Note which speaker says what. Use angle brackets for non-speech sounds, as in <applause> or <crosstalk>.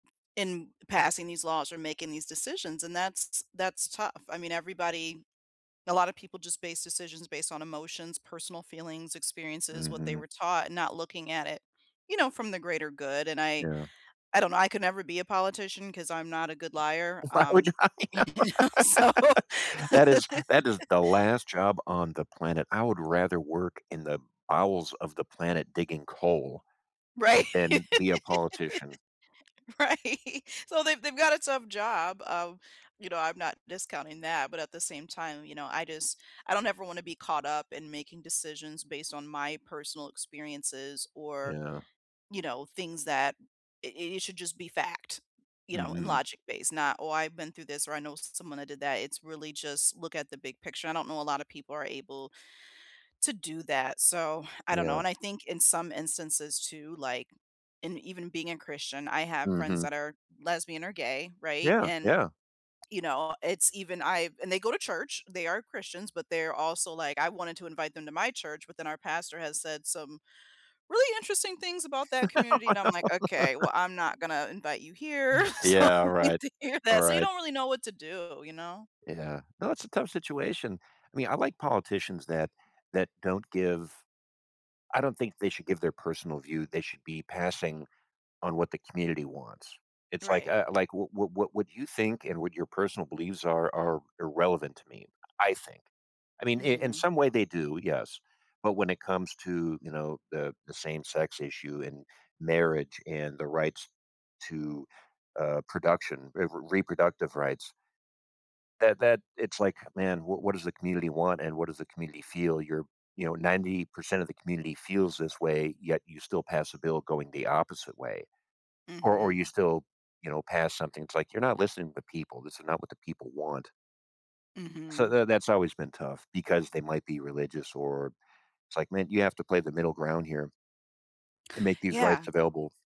Speaker 1: In passing these laws or making these decisions, and that's that's tough, I mean, everybody a lotta people just base decisions based on emotions, personal feelings, experiences, what they
Speaker 2: Mhm.
Speaker 1: were taught, and not looking at it, you know, from the greater good, and I
Speaker 2: Yeah.
Speaker 1: I don't know, I could never be a politician 'cause I'm not a good liar,
Speaker 2: If I were you
Speaker 1: um,
Speaker 2: I know.
Speaker 1: <laughs> so
Speaker 2: <laughs> That is that is
Speaker 1: <laughs>
Speaker 2: the last job on the planet I would rather work in the bowels of the planet digging coal,
Speaker 1: Right.
Speaker 2: than be a politician.
Speaker 1: <laughs> Right. So, they've they’ve got a tough job, um, you know, I'm not discounting that, but at the same time, you know, I just I don't ever wanna be caught up in making decisions based on my personal experiences or,
Speaker 2: Yeah.
Speaker 1: you know, things that i i it should just be fact, you know, and
Speaker 2: Mhm.
Speaker 1: logic-based not, "Oh, I've been through this, or I know someone that did that." It's really just look at the big picture. I don't know a lotta people are able to do that, so I don't know,
Speaker 2: Yeah.
Speaker 1: and I think in some instances too, like, and even being a Christian, I have friends
Speaker 2: Mhm.
Speaker 1: that are lesbian or gay, right?
Speaker 2: Yeah,
Speaker 1: And,
Speaker 2: yeah.
Speaker 1: you know, it's even I've and they go to church, they are Christians, but they're also like, "I wanted to invite them to my church, but then our pastor has said some really interesting things about that community," and I'm like, "Okay,
Speaker 2: <laughs>
Speaker 1: well, I'm not gonna invite you here, <laughs> so,
Speaker 2: Yeah,
Speaker 1: you don’t need
Speaker 2: right.
Speaker 1: to hear that so you
Speaker 2: Right.
Speaker 1: don't really know what to do, you know?
Speaker 2: Yeah. No, it's a tough situation, I mean, I like politicians that that don't give I don't think they should give their personal view, they should be passing on what the community wants. It's like,
Speaker 1: Right.
Speaker 2: uh, like, what what what you think and what your personal beliefs are are irrelevant to me, I think. I mean, i in
Speaker 1: Mhm.
Speaker 2: some way they do, yes, but when it comes to, you know, the the same-sex issue, and marriage, and the rights to, uh, production eh, re reproductive rights that that it's like, man, wha what does the community want and what does the community feel? You're you know, 90% of the community feels this way, yet you still pass a bill going the opposite way. Or or
Speaker 1: Mhm.
Speaker 2: you still, you know, pass something it's like, you're not listening to people, this is not what the people want. So
Speaker 1: Mhm.
Speaker 2: tha that's always been tough, because they might be religious, or it's like, "Man, you have to play the middle ground here and make these rights
Speaker 1: Yeah.
Speaker 2: available."